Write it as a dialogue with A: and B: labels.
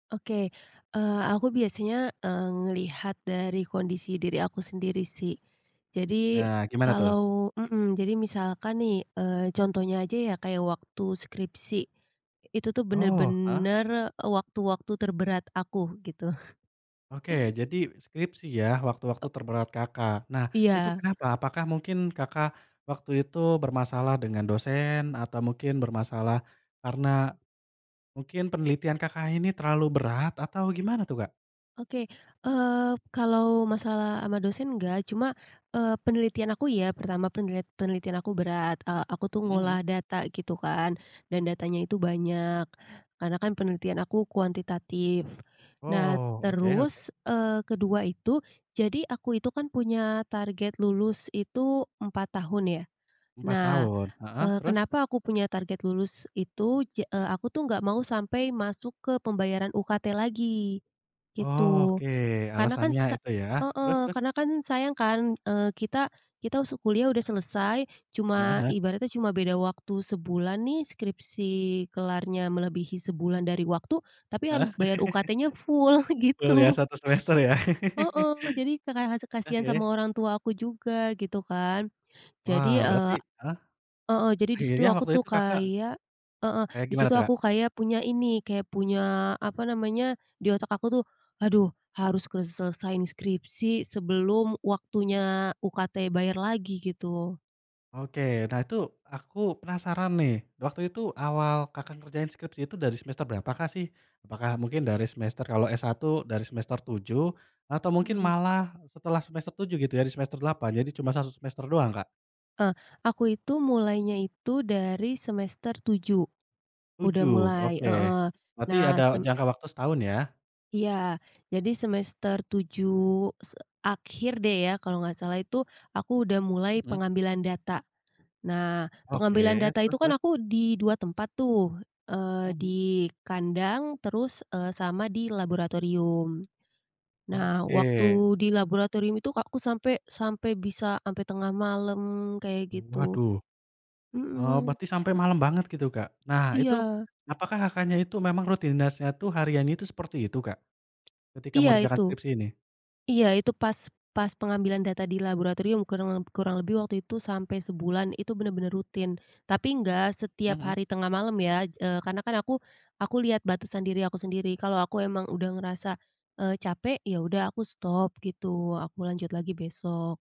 A: Oke. Eee, aku biasanya, eee, ngelihat dari kondisi diri aku sendiri sih. Jadi,
B: Nah, gimana tuh?
A: kalau mhm, jadi misalkan nih, eee, contohnya aja ya kayak waktu skripsi. Itu tuh
B: Oh, heeh.
A: benar-benar waktu-waktu terberat aku, gitu.
B: Oke, jadi skripsi ya waktu-waktu terberat Kakak. Nah, itu
A: Iya.
B: kenapa? Apakah mungkin Kakak waktu itu bermasalah dengan dosen, atau mungkin bermasalah karena mungkin penelitian Kakak ini terlalu berat atau gimana tuh, Kak?
A: Oke. Eee, kalau masalah sama dosen nggak cuma, eee, penelitian aku iya. Pertama, penlit penelitian aku berat. Eee, aku tuh
B: Mhm
A: ngolah
B: mhm.
A: data gitu kan, dan datanya itu banyak, karena kan penelitian aku kuantitatif. Nah,
B: Oh, oke oke.
A: terus, eee, kedua itu, jadi aku itu kan punya target lulus itu 4 tahun ya.
B: 4
A: Nah,
B: tahun. Heeh.
A: eee,
B: Terus?
A: kenapa aku punya target lulus itu ja eee, aku tuh nggak mau sampai masuk ke pembayaran UKT lagi, gitu.
B: Oke,
A: Karena kan
B: alasannya
A: sa
B: itu ya. Terus
A: heeh.
B: terus?
A: Karena kan sayang kan, eee, kita kita su kuliah udah selesai,
B: Heeh
A: cuma
B: heeh.
A: ibaratnya cuma beda waktu sebulan nih skripsi kelarnya melebihi sebulan dari waktu, tapi
B: Heeh.
A: harus bayar UKT-nya full,
B: Kuliah
A: gitu.
B: 1 semester ya.
A: Heeh. Jadi k ka kas kasihan sama
B: Oke.
A: orang tua aku juga, gitu kan.
B: Wah,
A: Jadi,
B: berarti
A: eee
B: heeh.
A: heeh, jadi di
B: Akhirnya
A: situ aku
B: waktu
A: tuh
B: itu Kakak
A: kayak heeh,
B: kayak
A: di
B: gimana
A: situ
B: tuh, Kak?
A: aku kayak punya ini, kayak punya, apa namanya, di otak aku tuh, "Aduh, harus kuselesaiin skripsi sebelum waktunya UKT bayar lagi," gitu.
B: Oke. Nah, itu aku penasaran nih. Waktu itu awal Kakak ngerjain skripsi itu dari semester berapakah sih? Apakah mungkin dari semester kalau S-1 dari semester 7, atau mungkin
A: Hmm.
B: malah setelah semester 7 gitu ya, dari semester 8 jadi cuma 1 semester doang, Kak?
A: E aku itu mulainya itu dari semester 7. Udah
B: 7,
A: mulai
B: oke.
A: heeh.
B: Berarti
A: Nah,
B: ada
A: sem
B: jangka waktu setahun ya?
A: Iya. Jadi semester 7 se akhir deh ya, kalau nggak salah itu, aku udah mulai
B: Hmm.
A: pengambilan data. Nah, pengambilan
B: Oke.
A: data itu
B: Terus
A: kan
B: terus?
A: aku di 2 tempat tuh, eee, di
B: Mhm.
A: kandang terus, eee, sama di laboratorium. Nah,
B: Oke.
A: waktu di laboratorium itu, Kak, aku sampe sampe bisa sampe tengah malam, kayak gitu.
B: Waduh. Oh,
A: Hmm.
B: berarti sampai malam banget gitu, Kak? Nah itu,
A: Iya.
B: apakah Kakaknya itu memang rutinitasnya itu hariannya itu seperti itu, Kak? Ketika
A: Iya
B: mengerjakan
A: itu
B: skripsi ini.
A: iya itu pas pas pengambilan data di laboratorium kurang leb kurang lebih waktu itu sampai sebulan itu benar-benar rutin, tapi nggak setiap
B: Mhm.
A: hari tengah malam ya, eee, karena kan aku aku lihat batasan diri aku sendiri. Kalau aku emang udah ngerasa, eee, capek, ya udah aku stop, gitu. Aku lanjut lagi besok.